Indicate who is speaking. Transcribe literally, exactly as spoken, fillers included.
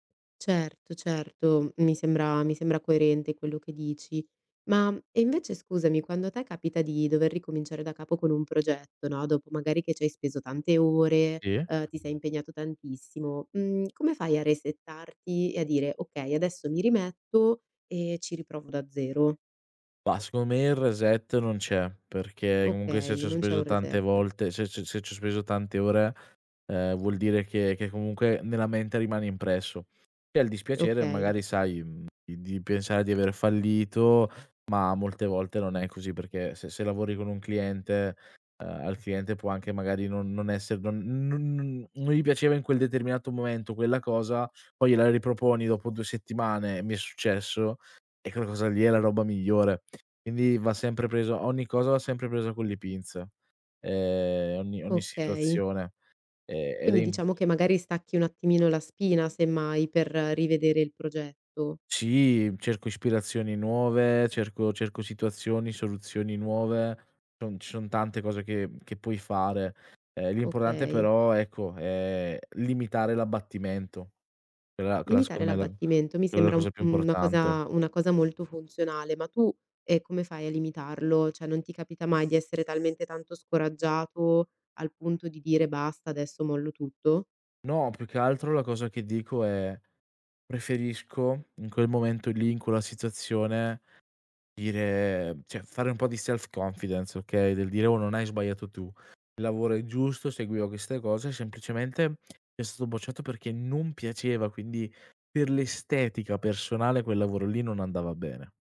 Speaker 1: Certo, certo, mhmm, mi sembra mi sembra coerente quello che dici. Ma invece scusami, quando te capita di dover ricominciare da capo con un progetto no, dopo magari che ci hai speso tante ore,
Speaker 2: Sì.
Speaker 1: ehm, ti sei impegnato tantissimo, mhmm, come fai a resettarti e a dire: "Okay, adesso mi rimetto e ci riprovo da zero"?
Speaker 2: Bah, secondo me il reset non c'è, perché comunque se
Speaker 1: Okay,
Speaker 2: ci ho
Speaker 1: non c'è
Speaker 2: speso
Speaker 1: un
Speaker 2: tante
Speaker 1: reset.
Speaker 2: volte se se se ci ho speso tante ore, ehm, vuol dire che che comunque nella mente rimane impresso. E al dispiacere
Speaker 1: Okay.
Speaker 2: magari sai, mhmm, di di pensare di aver fallito, ma molte volte non è così, perché se se lavori con un cliente, ehm, al cliente può anche magari non non essere non non non non gli piaceva in quel determinato momento quella cosa, poi gliela riproponi dopo due settimane, e mi è successo, e quella cosa lì è la roba migliore. Quindi va sempre preso ogni cosa va sempre presa con le pinze, ehm, ogni ogni
Speaker 1: Okay.
Speaker 2: situazione. Ehm, ed è
Speaker 1: Quindi
Speaker 2: im
Speaker 1: diciamo che magari stacchi un attimino la spina semmai per rivedere il progetto.
Speaker 2: Sì, cerco ispirazioni nuove, cerco cerco situazioni, soluzioni nuove. Non ci son tante cose che mhmm, che puoi fare. Ehm, imporante
Speaker 1: Okay.
Speaker 2: però ecco, è limitare l'abbattimento. Quella quella
Speaker 1: Limitare
Speaker 2: secondo me la
Speaker 1: l'abbattimento mi
Speaker 2: quella è la
Speaker 1: sembra un
Speaker 2: cosa più
Speaker 1: una
Speaker 2: importante.
Speaker 1: cosa una cosa molto funzionale. Ma tu, ehm, come fai a limitarlo? ceh, non ti capita mai di essere talmente tanto scoraggiato al punto di dire "basta, adesso mollo tutto"?
Speaker 2: No, più che altro la cosa che dico è preferisco in quel momento lì, in quella situazione, dire ceh fare un po' di self confidence, okay. Del dire: "Oh, non hai sbagliato tu, il lavoro è giusto, seguiva queste cose, semplicemente mi è stato bocciato perché non piaceva, quindi per l'estetica personale quel lavoro lì non andava bene."